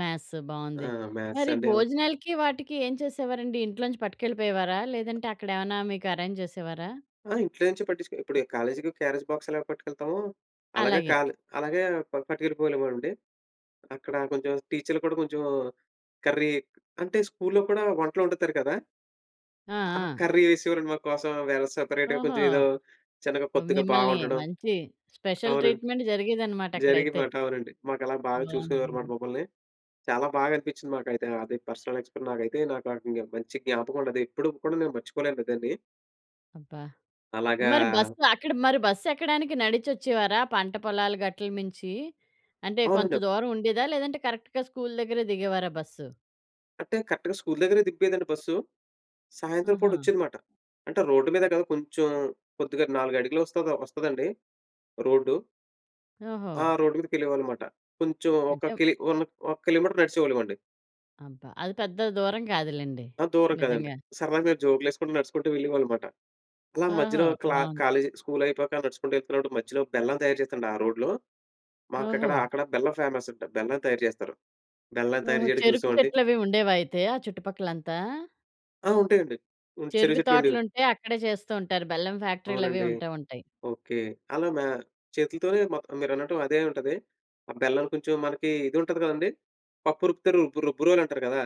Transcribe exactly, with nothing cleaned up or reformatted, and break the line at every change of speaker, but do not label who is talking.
Maths
ఆ!
బాగుంది. మరి
మ్యాథ్సంటే అలా
భోజనాలకి వాటికి ఏం చేసేవారండి? ఇంట్లో నుంచి పట్టుకెళ్ళిపోయేవారా? లేదంటే, అక్కడే ఎమన్నా మీకు అరేంజెసేవారా?
ఆ! ఇంట్లో నుంచి పట్టించుకో ఇప్పుడు కాలేజికి క్యారేజ్ బాక్స్ ఎలా పట్టుకెళ్తామో, అలాగే
అలాగే.
కాల్ అలాగే ప పట్టుకెళ్ళిపోలేవమోండి. అక్కడ కొంచెం టీచర్లు కూడా కొంచెం, కర్రీ అంటే స్కూ‌ల్‌లో కూడా వంటలోండుతారు కదా!
ఆ!
ఆ
ఆ!
కర్రీ వేసేవారండి మా కోసం వేరే సెపరేట్‌గా
ఓహో!
కొంచెం ఏదో చిన్నగా, కొద్దిగా బా
మిమ్మల్ని
వండడం.
మంచి స్పెషల్
అవునండి.
ట్రీట్‌మెంట్ జరిగేదనమాట అక్కడైతే.
జరిగిందన్నమాట. అవునండి. మాకలాగ బాగా చూసుకునేవారు మాట
బావుందండి.
మమ్మల్ని. చాలా బాగా అనిపిచ్చింది మాకైతే అది. పర్సనల్ ఎక్స్‌పర్ నాకైతే నాకేకంగా మంచి జ్ఞాపకమండది. ఎప్పుడుకు కూడా నేను మర్చిపోలేను దాన్ని.
అబ్బా!
అలాగా
మరి బస్సు అక్కడ మరి బస్సెక్కడానికి నడిచొచ్చేవారా? పంట పొలాలు గట్టులు మించి, అంటే కొంత
అవునండి. అప్
దూరం ఉండేదా? లేదంటే, కరెక్ట్‌గా స్కూల్ దగ్గరే దిగేవారా బస్సు?
అంటే, కరెక్ట్‌గా స్కూల్ దగ్గరే దింపేదండి బస్సు. సాయంత్రం పూట
ఆహా!
వోచ్చిందన్నమాట. అంటే, రోడ్డు మీద కదా! కొంచెం కొద్దిగా నాలుగడుగులోస్తాదా వస్తాదండి రోడ్డు.
ఓహో!
ఆ! రోడ్డు మీదకెళ్ళేవాళ్ళం మాట. కొంచెము
అంటే
ఒక
మ్
కిలి వన్ ఒక కిలోమీటర్ నడిచేవాళ్ళమండి.
అబ్బా! అది పెద్ద దూరం కాదులెండి.
ఆ! దూరం కాదండి.
నిజంగా.
సరదాగా మేము జోకులేసుకుంటూ, నడుసుకుంటూ వెళ్ళేవాళ్ళం మాట. అలా మధ్యలో
ఓహో!
క్లా
బావుంది.
కాలేజి స్కూలయిపోయాక నడుచుకుంటూ యెళ్తున్నప్పుడు, మధ్యలో బెల్లం తయారు చేస్తున్నాడు ఆ రోడ్డులో మాకక్కడ
ఓహో!
అక్కడ బెల్లం ఫేమసంట, బెల్లం తయారు చేస్తారు. బెల్లం తయారు
ఓహో!
చేయడం
చెరుకు
చూసామండి.
చెట్లవి ఉండేవైతే ఆ చుట్టుపక్కలంతా?
ఆ! ఉంటాయండి. ఉన్ చెరుకు
చెరుకు
చెట్లు ఉండేవి.
తోటలుంటే అక్కడే చేస్తూ ఉంటారు. బెల్లం ఫ్యాక్టరీలవి
అవునండి.
ఉంటే ఉంటాయి.
ఓకే. అలా మా చేతులతోనే మొత్తం మీరన్నట్టు అదే ఉంటది. ఆ బెల్లం కొంచెం మనకి ఇది ఉంటది కదండీ. పప్పు రుబ్బుతరు, రుబ్బు రుబ్బురోలంటారు కదా!